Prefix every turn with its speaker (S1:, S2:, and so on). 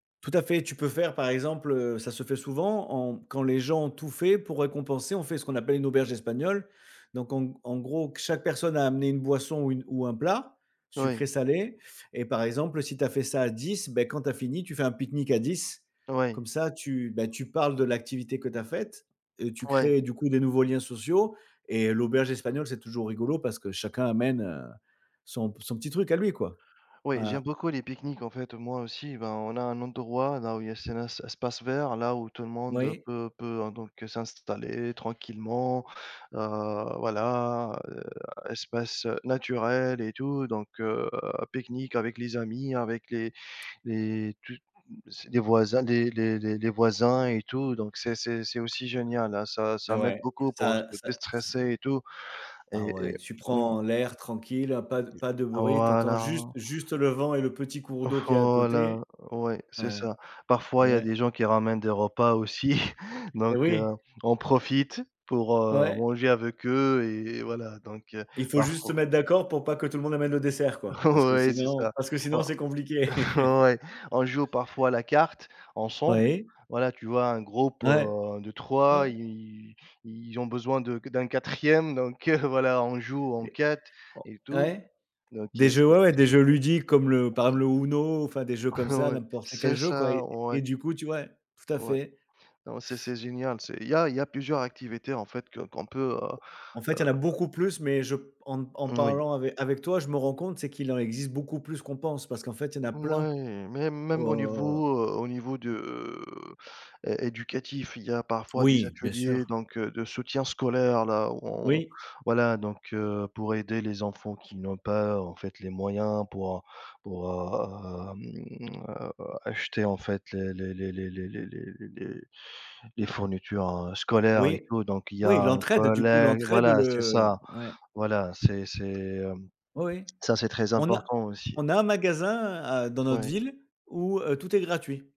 S1: Tout à fait, tu peux faire par exemple heu, ça se fait souvent en quand les gens ont tout fait pour récompenser, on fait ce qu'on appelle une auberge espagnole. Donc en g en gros, chaque personne a amené une boisson ou une ou un plat,
S2: Oui.
S1: sucré, salé et par exemple si tu as fait ça à 10, bah, quand tu as fini tu fais un pique-nique à 10.
S2: Oui.
S1: Comme ça tu bah, tu parles de l'activité que tu as faite, heu, tu
S2: Ouais.
S1: crées du coup des nouveaux liens sociaux et l'auberge espagnole, c'est toujours rigolo parce que chacun amène, heu, son p son petit truc à lui quoi.
S2: Oui j'aime
S1: Voilà.
S2: beaucoup les pique-niques en fait moi aussi, ben on a un endroit dans où il y a c'est là c'est espace vert là où tout le monde
S1: Oui.
S2: peut peut, heu, donc s'installer tranquillement, heu, voilà, heu, espace, heu, naturel et tout donc heu, pique-nique avec les amis avec les les tout m s les voisins les les les les voisins et tout donc c'est c'est c'est aussi génial, hein, ça
S1: Et
S2: ça m'aide
S1: ouais,
S2: beaucoup pour se
S1: ça ça ç
S2: déstresser et tout
S1: Ah
S2: et et
S1: ouais, tu
S2: Mmh.
S1: prends l'air tranquille, heu, pas de pas de bruit, tu entends juste
S2: Voilà.
S1: juste le vent et le petit cours d'eau qu'il y a à côté.
S2: Voilà, ouais, c'est
S1: Ouais.
S2: ça. Parfois il
S1: Et
S2: y a
S1: ouais.
S2: des gens qui ramènent des repas aussi
S1: Et
S2: donc heu,
S1: oui.
S2: on profite pour, heu,
S1: Ouais.
S2: manger avec eux et et voilà donc heu,
S1: Il faut juste se
S2: parfo
S1: mettre d'accord pour pas que tout le monde amène le dessert quoi, parce que
S2: Ouais c'est
S1: sinon
S2: ça.
S1: parce que sinon c'est compliqué.
S2: On ouais, on joue parfois la carte ensemble,
S1: Oui.
S2: voilà tu vois? Un groupe,
S1: Ouais.
S2: heu, de
S1: N
S2: 3
S1: ouais.
S2: et ils ils ils ont besoin de d'un 4e donc heu, voilà on joue en
S1: Et,
S2: 4
S1: oh
S2: et tout
S1: ouais.
S2: donc
S1: Des
S2: heu c
S1: jeux ouais, ouais, des jeux ludiques comme le par exemple
S2: Mmh.
S1: le UNO, enfin des jeux comme ça
S2: Ouais.
S1: n'importe lesquels
S2: C'est
S1: jeux quoi
S2: ça,
S1: et
S2: ouais.
S1: et du coup tu ouais. Tout à
S2: Ouais.
S1: fait.
S2: Non, c'est c'est génial c'est il y a il y a plusieurs activités en fait que qu'on peut, heu
S1: En fait, il y
S2: heu
S1: en a beaucoup plus mais je p en en
S2: Moui.
S1: parlant ave avec toi, je me rends compte c'est qu'il en existe beaucoup plus qu'on pense parce qu'en fait il y en a plein
S2: Ouais, mais même au
S1: au
S2: niveau heu, au niveau de heu, é éducatif, il y a parfois des
S1: Oui, bien
S2: ateliers
S1: sûr.
S2: donc heu, de soutien scolaire là on
S1: Oui.
S2: voilà donc heu, pour aider les enfants qui n'ont pas en fait les moyens pour, heu, pour, hem, heu, acheter en fait les les les les les les les les les fournitures, heu, scolaires et
S1: Oui.
S2: tout donc il y
S1: Oui,
S2: a un
S1: l'entraide du coup,
S2: collègue
S1: l'entraide
S2: voilà c'est
S1: le
S2: ça.
S1: ouais.
S2: Voilà c'est c'est hem,
S1: Oui, oui.
S2: ça c'est très
S1: On a
S2: important aussi.
S1: on a un magasin à dans notre
S2: Ouais.
S1: ville où heu, tout est gratuit.